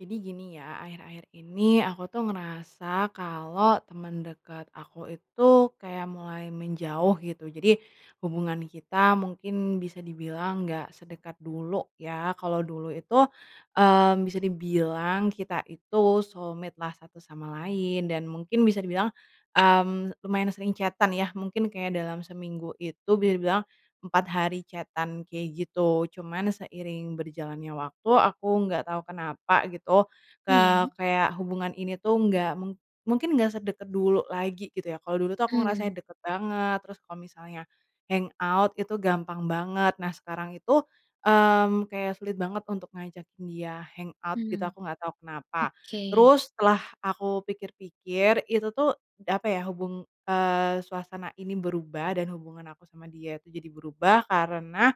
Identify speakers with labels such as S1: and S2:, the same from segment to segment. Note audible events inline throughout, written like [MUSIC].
S1: Jadi gini ya, akhir-akhir ini, aku tuh ngerasa kalo teman dekat aku itu, kayak mulai menjauh, gitu. Jadi, hubungan kita mungkin bisa dibilang nggak sedekat dulu ya, kalo dulu itu, eee, bisa dibilang kita itu soulmate-lah satu sama lain, dan mungkin bisa dibilang, mmm, lumayan sering chat-an ya, mungkin kayak dalam seminggu itu bisa dibilang, 4 hari chat-an, kayak gitu. Cuman, seiring berjalannya waktu, aku nggak tau kenapa gitu,
S2: Mmm,
S1: eee,
S2: ya.
S1: kayak hubungan ini tuh nggak mu mungkin nggak sedekat dulu lagi gitu ya, kalo dulu tuh aku ngerasanya
S2: Mmm.
S1: deket banget, terus kalo misalnya, hangout, itu gampang banget. Nah sekarang itu, mmm, kayak sulit banget untuk ngajakin dia, hangout gitu,
S2: Mmm,
S1: aku nggak tau kenapa.
S2: oke.
S1: Terus setelah aku pikir-pikir, itu tuh, apa ya, hubung eee, suasana ini berubah, dan hubungan aku sama dia itu jadi berubah karena,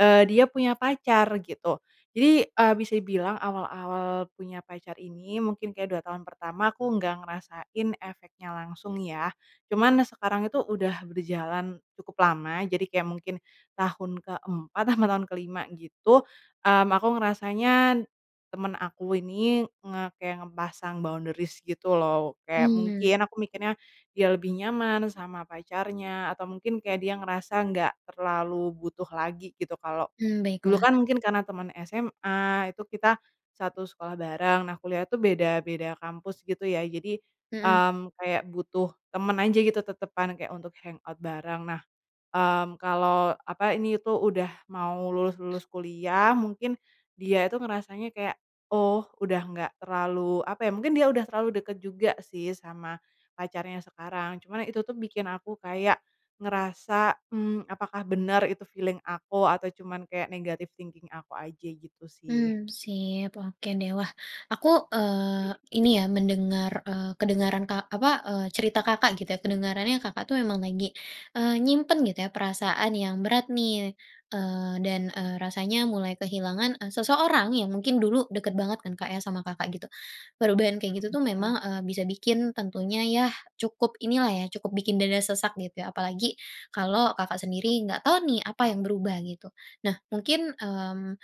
S1: eee, dia punya pacar, gitu. Jadi, eee, bisa dibilang awal-awal punya pacar ini, mungkin kayak 2 tahun pertama, aku nggak ngerasain efeknya langsung ya. Cuman sekarang itu udah berjalan, cukup lama, jadi kayak mungkin, tahun ke 4 apa tahun ke 5 gitu, mmm, aku ngerasanya, teman aku ini, nge kayak ngepasang boundaries gitu loh. Kayak mungkin,
S2: Mmm.
S1: aku mikirnya, dia lebih nyaman sama pacarnya, atau mungkin kayak dia ngerasa nggak terlalu butuh lagi gitu, kalo
S2: Mmm,
S1: dulu
S2: baiklah.
S1: kan mungkin karena teman SMA, itu kita satu sekolah bareng. Nah kuliah tuh beda beda kampus gitu ya, jadi,
S2: Mhm.
S1: mmm, kayak butuh teman aja gitu tetepan, kayak untuk hangout bareng. Nah, mmm, kalo, apa ini tuh udah mau lulus-lulus kuliah mungkin, dia itu ngerasanya kayak, oh udah nggak terlalu apa ya, mungkin dia udah terlalu dekat juga sih, sama, pacarnya sekarang. Cuma itu tuh bikin aku kayak ngerasa, mmm, apakah benar itu feeling aku, atau cuman kayak negatif thinking aku aja gitu sih.
S2: Mmm, sip. Oke deh wah, aku, eee, ini ya, mendengar, eee, kedengaran ka apa, eee, cerita Kakak gitu ya, kedengarannya Kakak itu emang lagi, eee, nyimpen gitu ya, perasaan yang berat nih. Eee, dan, eee, rasanya mulai kehilangan, e seseorang yang mungkin dulu dekat banget kan Kak ya sama Kakak gitu. Perubahan kayak gitu tuh
S1: Benar.
S2: memang, eee, bisa bikin tentunya ya, cukup inilah ya, cukup bikin dada sesak gitu ya apalagi, kalau Kakak sendiri nggak tahu nih apa yang berubah gitu. Nah, mungkin, mmm,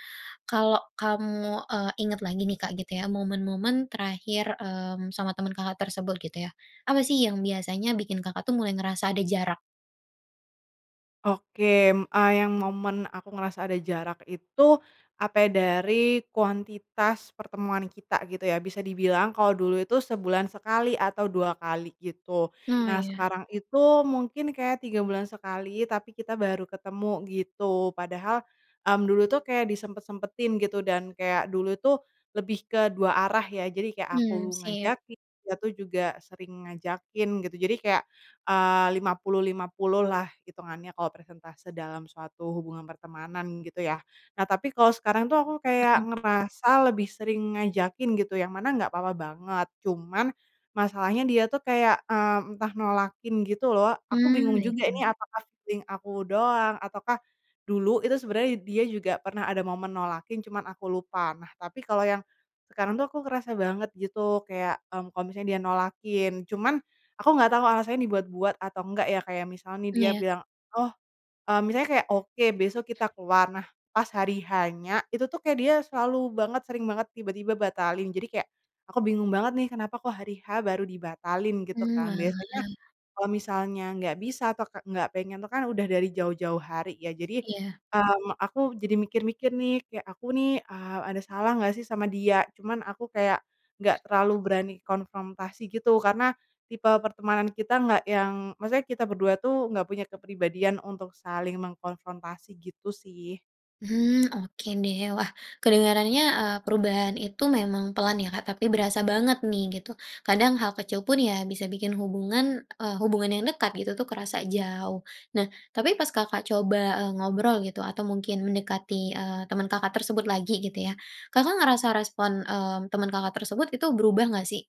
S2: kalau kamu, e ingat lagi nih Kak gitu ya, momen-momen terakhir, mmm, sama teman Kakak tersebut gitu ya, apa sih yang biasanya bikin Kakak tuh mulai ngerasa ada jarak?
S1: Oke, m eee, yang momen aku ngerasa ada jarak itu, apa ya, dari kuantitas pertemuan kita, gitu ya, bisa dibilang kalo dulu itu sebulan sekali atau dua kali gitu.
S2: Oh
S1: Nah
S2: ya.
S1: sekarang itu mungkin kayak 3 bulan sekali, tapi kita baru ketemu gitu. Padahal, mmm, dulu tuh kayak disempet-sempetin gitu, dan kayak dulu tuh, lebih ke dua arah ya, jadi kayak
S2: Mmm,
S1: aku
S2: sip.
S1: ngajakin, dia tuh juga sering ngajakin, gitu. Jadi kayak, eee, 50-50 lah hitungannya kalo persentase dalam suatu hubungan pertemanan gitu ya. Nah tapi kalo sekarang tuh aku kayak
S2: Mhm.
S1: ngerasa lebih sering ngajakin gitu, yang mana nggak apa-apa banget, cuman, masalahnya dia tuh kayak, eee, entah nolakin gitu loh. Aku
S2: Mmm,
S1: bingung juga
S2: baiklah.
S1: ini apakah feeling aku doang, ataukah, dulu itu sebenarnya dia juga pernah ada momen nolakin, cuman aku lupa. Nah tapi kalo yang, sekarang tuh aku kerasa banget gitu, kayak, mmm, kalo misalnya dia nolakin. Cuman, aku nggak tau alasannya dibuat-buat atau enggak ya, kayak misalnya nih
S2: Mmm,
S1: dia
S2: ya.
S1: bilang, "oh" eee, misalnya kayak "oke besok kita keluar". Nah, pas hari H-nya, itu tuh kayak dia selalu banget, sering banget, tiba-tiba batalin. Jadi kayak, aku bingung banget nih kenapa kok hari H baru dibatalin gitu
S2: Mmm,
S1: kan, biasanya,
S2: walah.
S1: kalau misalnya nggak bisa atau ka nggak pengen tuh kan udah dari jauh-jauh hari ya. Jadi,
S2: Iya.
S1: mmm, aku jadi mikir-mikir nih, kayak aku nih, eee, ada salah nggak sih sama dia. Cuman aku kayak, nggak terlalu berani konfrontasi gitu, karena, tipe pertemanan kita nggak yang, maksudnya kita berdua tuh, nggak punya kepribadian untuk saling mengkonfrontasi gitu sih.
S2: Hmm, oke deh. Wah, kedengarannya, eee, perubahan itu memang pelan ya Kak, tapi berasa banget nih, gitu. Kadang hal kecil pun, ya bisa bikin hubungan, eee, hubungan yang dekat gitu tuh kerasa jauh. Nah, tapi pas Kakak coba, e ngobrol gitu, atau mungkin mendekati, eee, teman Kakak tersebut lagi gitu ya, Kakak ngerasa respon, mmm, teman Kakak tersebut, itu berubah nggak sih?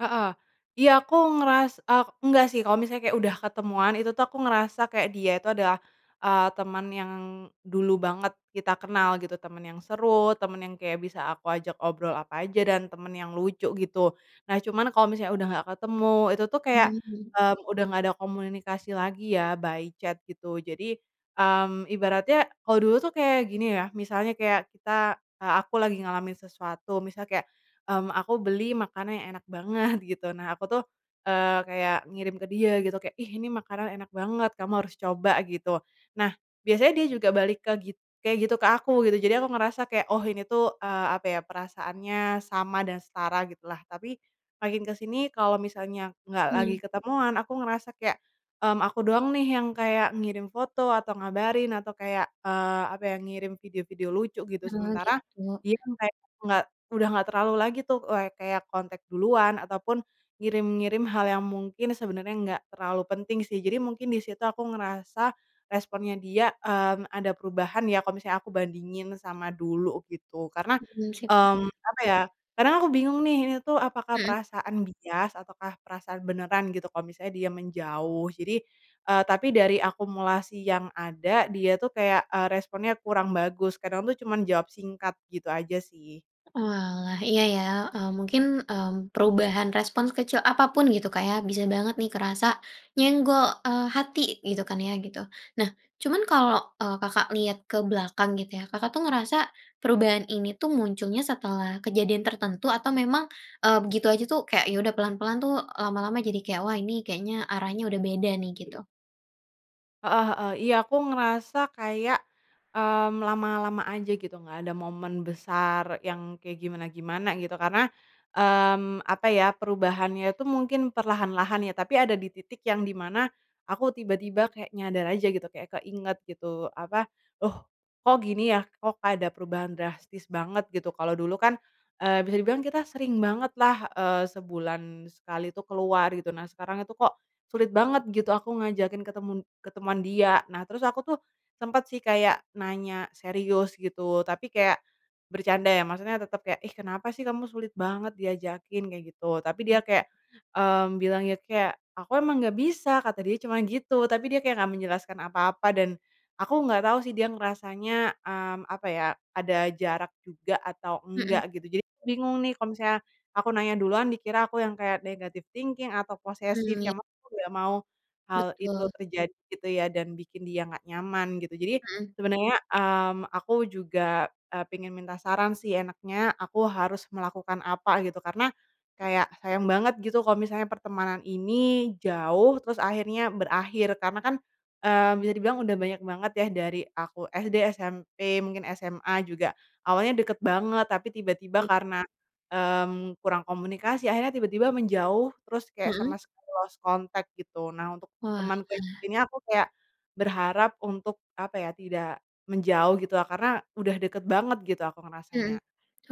S1: Heeh, iya aku ngeras ah, nggak sih, kalo misalnya kayak udah ketemuan, itu tuh aku ngerasa kayak dia itu adalah, eee, teman yang, dulu banget kita kenal, gitu. Teman yang seru, teman yang kayak bisa aku ajak obrol apa aja, dan teman yang lucu gitu. Nah cuman kalo misalnya udah nggak ketemu, itu tuh kayak,
S2: Mmm, mhm.
S1: eee, udah nggak ada komunikasi lagi ya, by chat gitu. Jadi, mmm, ibaratnya, kalo dulu tuh kayak gini ya, misalnya kayak kita, eee, aku lagi ngalamin sesuatu, misalnya kayak, mmm, aku beli makanan yang enak banget, gitu, nah aku tuh, eee, kayak ngirim ke dia gitu kayak, "ih ini makanan enak banget, kamu harus coba" gitu. Nah, biasanya dia juga balik ke gi kayak gitu ke aku gitu, jadi aku ngerasa kayak, oh ini tuh, eee, apa ya, perasaannya sama dan setara gitu lah. Tapi, makin ke sini, kalau misalnya nggak
S2: Mmm,
S1: lagi
S2: ya.
S1: ketemuan aku ngerasa kayak, mmm, aku doang nih yang kayak ngirim foto, atau ngabarin, atau kayak, eee, apa ya, ngirim video-video lucu gitu,
S2: Oh,
S1: sementara,
S2: gitu.
S1: dia kan kayak nggak, udah nggak terlalu lagi tuh, eee, kayak kontak duluan, ataupun ngirim-ngirim hal yang mungkin sebenarnya nggak terlalu penting sih. Jadi mungkin di situ aku ngerasa, responnya dia, mmm, ada perubahan ya, kalo misalnya aku bandingin sama dulu gitu. Karena,
S2: Hmm, sip.
S1: mmm, apa ya, karena aku bingung nih, ini tuh apakah
S2: Mhm.
S1: perasaan bias ataukah perasaan beneran gitu kalo misalnya dia menjauh. Jadi, eee, tapi dari akumulasi yang ada dia tuh kayak, eee, responnya kurang bagus, kadang tuh cuman jawab singkat, gitu aja sih.
S2: Oalah, iya ya, eee, mungkin, eee, perubahan respon sekecil apapun gitu Kak ya, bisa banget nih kerasa, nyenggol, eee, hati gitu kan ya, gitu. Nah cuman kalau, eee, Kakak lihat ke belakang gitu ya, Kakak tuh ngerasa perubahan ini tuh munculnya setelah, kejadian tertentu, atau memang, eee, begitu aja tuh, kayak ya udah pelan-pelan tuh, lama-lama jadi kayak, "wah ini, kayaknya arahnya udah beda nih," gitu?
S1: Heeh heeh, iya aku ngerasa kayak, mmm, lama-lama aja gitu, nggak ada momen besar yang kayak gimana-gimana gitu, karena, mmm, apa ya,
S2: Mmm,
S1: perubahannya
S2: iya.
S1: itu mungkin perlahan-lahan ya, tapi ada di titik yang di mana, aku tiba-tiba kayak nyadar aja gitu, kayak keinget gitu, apa, loh, kok gini ya, kok ada perubahan drastis banget, gitu. Kalo dulu kan, eee, bisa dibilang kita sering banget lah, eee, sebulan sekali itu keluar gitu. Nah sekarang itu kok, sulit banget gitu aku ngajakin ketemen ketemuan dia, nah terus aku tuh, sempet sih kayak nanya serius gitu, tapi kayak bercanda ya, maksudnya tetap kayak, "ih kenapa sih kamu sulit banget diajakin." kayak gitu. Tapi dia
S2: Mmm.
S1: kayak, mmm, bilang ya kayak, "aku emang nggak bisa." kata dia cuma gitu, tapi dia kayak nggak menjelaskan apa-apa dan, aku nggak tau sih dia ngerasanya, mmm, apa ya, ada jarak juga atau
S2: Mhm.
S1: enggak gitu. Jadi, bingung nih kalo misalnya, aku nanya duluan dikira aku yang kayak negatif thinking atau posesif,
S2: Mmm, ya.
S1: yang mana aku nggak mau, hal itu
S2: Betul.
S1: terjadi gitu ya, dan bikin dia nggak nyaman gitu. Jadi,
S2: Mhm.
S1: sebenarnya, mmm, aku juga, eee, pengen minta saran sih enaknya, aku harus melakukan apa gitu, karena kayak sayang banget gitu kalo misalnya pertemanan ini jauh, terus akhirnya berakhir. Karena kan, eee, bisa dibilang udah banyak banget ya dari aku SD, SMP, mungkin SMA juga, awalnya deket banget, tapi tiba-tiba
S2: Iya.
S1: karena, mmm, kurang komunikasi akhirnya tiba-tiba menjauh, terus kayak
S2: Mhm.
S1: sama lost contact gitu. Nah untuk
S2: Oalah.
S1: temanku yang ini aku kayak, berharap untuk, apa ya, tidak menjauh gitu lah, karena udah deket banget gitu aku
S2: Mhm,
S1: ngerasanya.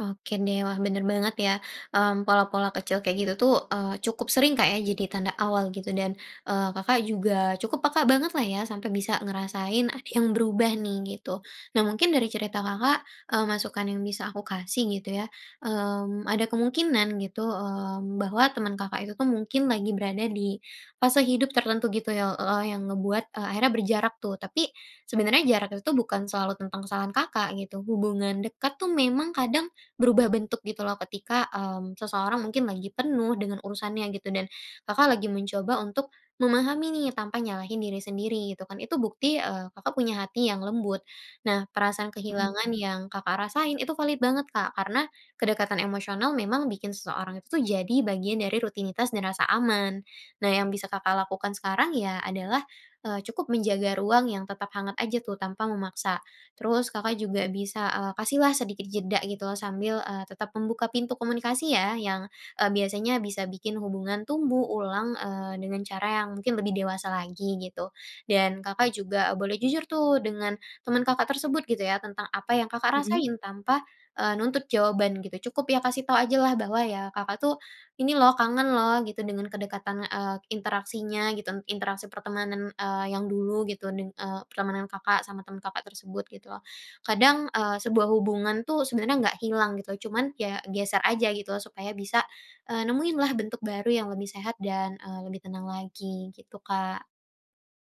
S2: oke deh, wah, benar banget ya, mmm, pola-pola kecil kayak gitu tuh, eee, cukup sering Kak ya, jadi tanda awal gitu. Dan, eee, Kakak juga cukup peka banget lah ya, sampai bisa ngerasain ada yang berubah nih, gitu. Nah mungkin dari cerita Kakak, eee, masukan yang bisa aku kasih gitu ya, mmm, ada kemungkinan gitu, mmm, bahwa, teman Kakak itu tuh mungkin lagi berada di fase hidup tertentu gitu ya, e eee, yang ngebuat, eee, akhirnya berjarak tuh, tapi, sebenarnya jarak itu tuh bukan selalu tentang kesalahan Kakak, gitu. Hubungan dekat tuh memang kadang, berubah bentuk gitu loh, ketika, mmm, seseorang mungkin lagi penuh dengan urusannya gitu. Dan, Kakak lagi mencoba untuk memahami nih, tanpa nyalahin diri sendiri gitu kan, itu bukti, eee, Kakak punya hati yang lembut. Nah perasaan
S1: Mhm
S2: kehilangan
S1: mhm.
S2: yang Kakak rasain, itu valid banget Kak, karena, kedekatan emosional memang bikin seseorang itu tuh jadi bagian dari rutinitas dan rasa aman. Nah, yang bisa Kakak lakukan sekarang, ya, adalah, eee, cukup menjaga ruang yang tetap hangat aja tuh, tanpa memaksa. Terus Kakak juga bisa, eee, kasihlah sedikit jeda gitu loh, sambil, eee, tetap membuka pintu komunikasi ya, yang, eee, biasanya bisa bikin hubungan tumbuh ulang, eee, dengan cara yang mungkin lebih dewasa lagi, gitu. Dan, Kakak juga boleh jujur tuh dengan, teman Kakak tersebut gitu ya, tentang apa yang Kakak
S1: Mhm.
S2: rasain, tanpa, eee, nuntut jawaban gitu. Cukup ya kasih tau ajalah, bahwa ya, Kakak tuh, ini loh, kangen loh gitu dengan kedekatan, eee, interaksinya gitu, interaksi pertemanan, eee, yang dulu gitu, dan, eee, pertemanan Kakak sama teman Kakak tersebut, gitu loh. Kadang, eee, sebuah hubungan tuh sebenarnya nggak hilang gitu, cuman, ya geser aja gitu, supaya bisa, eee, nemuin lah bentuk baru yang lebih sehat dan, eee, lebih tenang lagi, gitu, Kak.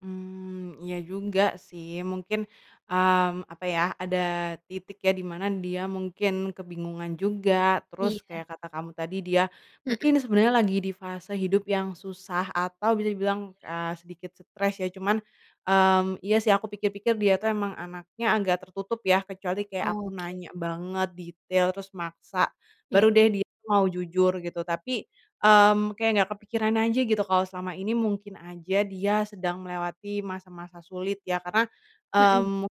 S1: Mmm, iya juga sih, mungkin, mmm, apa ya, ada titik ya, di mana dia mungkin kebingungan juga, terus
S2: Iya.
S1: kayak kata kamu tadi dia,
S2: Mhm.
S1: mungkin sebenarnya lagi di fase hidup yang susah atau bisa dibilang,
S2: [UNINTELLIGIBLE]
S1: eee, sedikit stres ya. Cuman, mmm, iya sih aku pikir-pikir dia tuh emang anaknya agak tertutup ya, kecuali kayak aku
S2: Oke.
S1: nanya banget, detail, terus maksa,
S2: Oke.
S1: baru deh dia mau jujur gitu. Tapi, mmm, kayak nggak kepikiran aja gitu, kalau selama ini mungkin aja dia sedang melewati masa-masa sulit ya, karena,
S2: Mhm.
S1: mmm, mungkin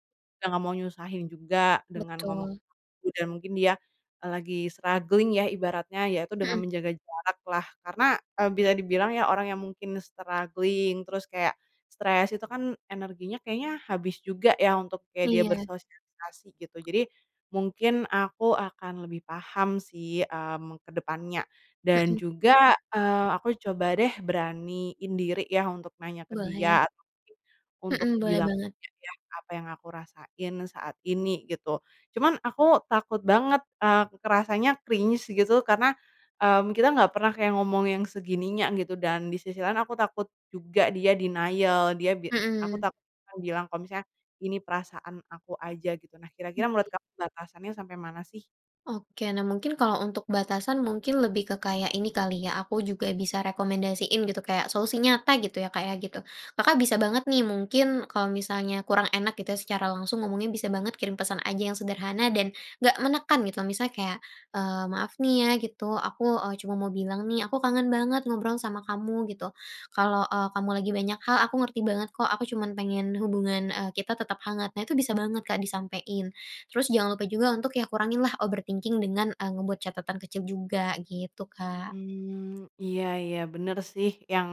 S1: nggak mau nyusahin juga, dengan ngomong ke
S2: Betul.
S1: aku, dan mungkin dia, eee, lagi struggling ya ibaratnya, ya itu dengan
S2: Mhm.
S1: menjaga jarak lah, karena, eee, bisa dibilang ya, orang yang mungkin struggling, terus kayak, stres, itu kan energinya kayaknya habis juga ya, untuk kayak dia
S2: Iya.
S1: bersosialisasi gitu. Jadi, mungkin aku akan lebih paham sih, mmm, ke depannya. Dan
S2: Mhm.
S1: juga, eee, aku coba deh beraniin diri ya, untuk nanya ke
S2: Boleh.
S1: dia, atau mungkin untuk
S2: Mhm, boleh
S1: bilang
S2: banget.
S1: ke dia apa yang aku rasain saat ini, gitu. Cuman aku takut banget, eee, kerasanya cringe gitu karena, mmm, kita nggak pernah kayak ngomong yang segininya gitu dan, di sisi lain aku takut juga dia denial, dia bi aku
S2: Mhm.
S1: takut bilang kalo misalnya, ini perasaan aku aja gitu. Nah kira-kira, menurut
S2: Oke.
S1: kamu batasannya sampai mana sih?
S2: Oke, nah mungkin kalau untuk batasan mungkin lebih ke kayak ini kali ya, aku juga bisa rekomendasiin gitu, kayak solusi nyata gitu ya Kak ya, gitu. Kakak bisa banget nih, mungkin kalau misalnya kurang enak gitu ya secara langsung ngomongnya bisa banget kirim pesan aja yang sederhana, dan, nggak menekan gitu. Misalnya kayak, eee, maaf nih ya gitu, aku, eee, cuma mau bilang nih, aku kangen banget ngobrol sama kamu, gitu. Kalau, eee, kamu lagi banyak hal, aku ngerti banget kok aku cuman pengen hubungan, eee, kita tetap hangat. Nah itu bisa banget Kak disampein, terus jangan lupa juga untuk ya kurangin lah overthinking dengan, eee, ngebuat catatan kecil juga, gitu, Kak.
S1: Mmm, iya iya benar sih, yang,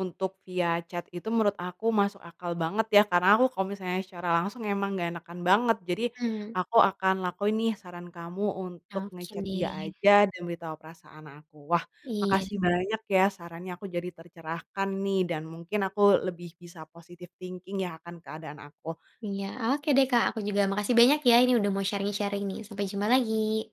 S1: untuk via chat itu menurut aku masuk akal banget ya, karena aku kalau misalnya secara langsung emang nggak enakan banget. Jadi,
S2: Mmm.
S1: aku akan lakuin nih, saran kamu untuk
S2: Oke
S1: nge-chat dia
S2: deh.
S1: aja, dan beritahu perasaan aku. Wah,
S2: Iya.
S1: makasih banyak ya sarannya, aku jadi tercerahkan nih, dan mungkin aku lebih bisa positive thinking ya akan keadaan aku.
S2: Iya, oke deh Kak, aku juga makasih banyak ya, ini udah mau sharing-sharing nih, sampai jumpa lagi.